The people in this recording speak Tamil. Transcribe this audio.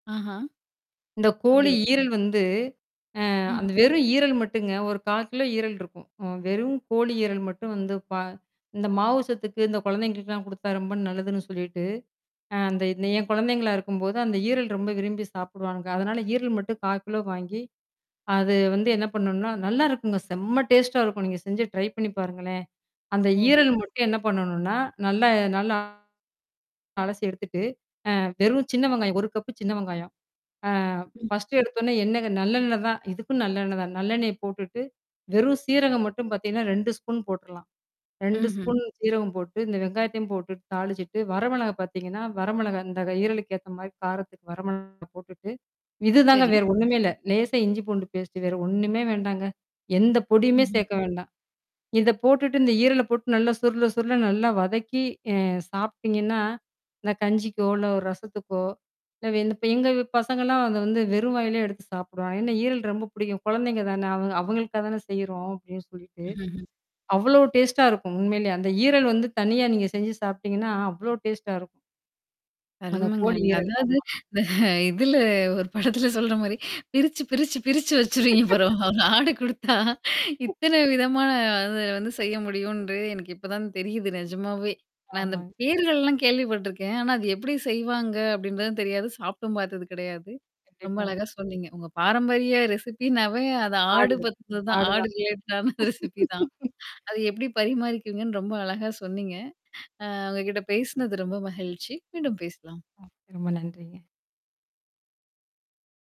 ஆஹா. இந்த கோழி அப்டியா. ஈரல் வந்து அ ம். அந்த வெறும் ஈரல் மட்டுங்க. ஒரு 1/4 கிலோ ஈரல் இருக்கும். அ வெறும் கோழி ஈரல் மட்டும் வந்து பா இந்த மாவு சத்துக்கு இந்த கொழந்தைகளுக்குலாம் குடுத்தா ரொம்ப நல்லதுன்னு சொல்லிட்டு. அ அந்த இந்த என் கொழந்தைங்களா இருக்கும்போது, அந்த ஈரல் ரொம்ப விரும்பி சாப்படுவாங்க. அதனால ஈரல் மட்டும் 1/4 கிலோ வாங்கி, அது வந்து என்ன பண்ணுனா, நல்லாருக்குங்க. செம்ம டேஸ்ட்டா இருக்கும். நீங்க செஞ்சு ட்ரை பண்ணி பாருங்களேன். அந்த ஓஹோ! ஈரல் மட்டும் என்ன பண்ணணும்னா, நல்லா நல்லா அலசி எடுத்துட்டு. அ வெறும் சின்ன வெங்காயம். ஒரு கப்பு சின்ன வெங்காயம். அ ம். 1 எடுத்தோன்னே என்னங்க நல்லெண்ணெய் தான். இதுக்கும் நல்லெண்ணெய் தான். நல்லெண்ணெய் போட்டுட்டு. வெறும் சீரகம் மட்டும் பார்த்தீங்கன்னா, 2 ஸ்பூன் போட்டுர்றலாம். 2 ம்ஹ்ம். ஸ்பூன் சீரகம் போட்டு, இந்த வெங்காயத்தையும் போட்டுட்டு தாளிச்சுட்டு, வர மிளகாய் பார்த்தீங்கன்னா வர மிளகாய் இந்த ஈரலுக்கு ஏத்த மாரி காரத்துக்கு வர மிளகாய் போட்டுட்டு. இதுதாங்க சரி. வேற ஒண்ணுமே இல்ல. லேசா இஞ்சி பூண்டு பேஸ்ட்டு வேற ஒண்ணுமே வேண்டாங்க. எந்த பொடியுமே ம்ஹ்ம். சேர்க்க வேண்டாம் இத போட்டுட்டு இந்த ஈரல போட்டு நல்லா, சுருள, சுருள நல்லா வதக்கி அ சாப்பி்டீங்கன்னா இந்த கஞ்சிக்கோ, இல்ல ஒரு ரசத்துக்கோ இல்ல இந்த பே எங்க பசங்கலாம் அத வந்து வெறும் வாயிலயே எடுத்து சாப்பிடுவாங்க. ஏன்னா ஈரல் ரொம்ப பிடிக்கும். கொழந்தைங்க தானே அவ அவங்களுக்காக தானே செய்யறோம் அப்படின்னு சொல்லிட்டு. ம்ஹ்ம். அவ்ளோ டேஸ்ட்டா இருக்கும். உண்மையிலயே அந்த ஈரல் வந்து தனியா நீங்க செஞ்சு சாப்பிடீங்கன்னா, அவ்ளோ டேஸ்ட்டா இருக்கும். அந்த அருமங்க கோழி நீங்க. ஈரல் அதாவது ஆமா. இந்த இதுல ஒரு படத்தில சொல்ற மாரி பிரிச்சு, பிரிச்சு, பிரிச்சு வச்சுருவீங்க பரவால்ல ஆட குடுத்தா, இத்தன விதமான அத வந்து செய்ய முடியும்ன்று எனக்கு இப்ப தான் தெரியுது நெஜமாவே. நான் அந்த ஆமாங்க. பேர்கள்லாம் கேள்விப்பட்டுருக்கேன். ஆனா அது எப்படி செய்வாங்க? அப்படின்றதும் தெரியாது. சாப்ட்டும் பார்த்ததும் கெடையாது. ரொம்ப கண்டிப்பாங்க. அழகா சொன்னீங்க. உங்க பாரம்பரிய ரெசிபின்னாவே அத ஆடு ஆடுது. பத்தினது தான். ஆடு ஆடுதான். ரிலேட்டடான ரெசிபி தான். அத எப்படி பரிமாறிக்குவீங்கன்னு ரொம்ப அழகா சொன்னீங்க. அ உங்ககிட்ட பேசினது ரொம்ப மகிழ்ச்சி. மீண்டும் பேசலாம். ம். ரொம்ப நன்றிங்க.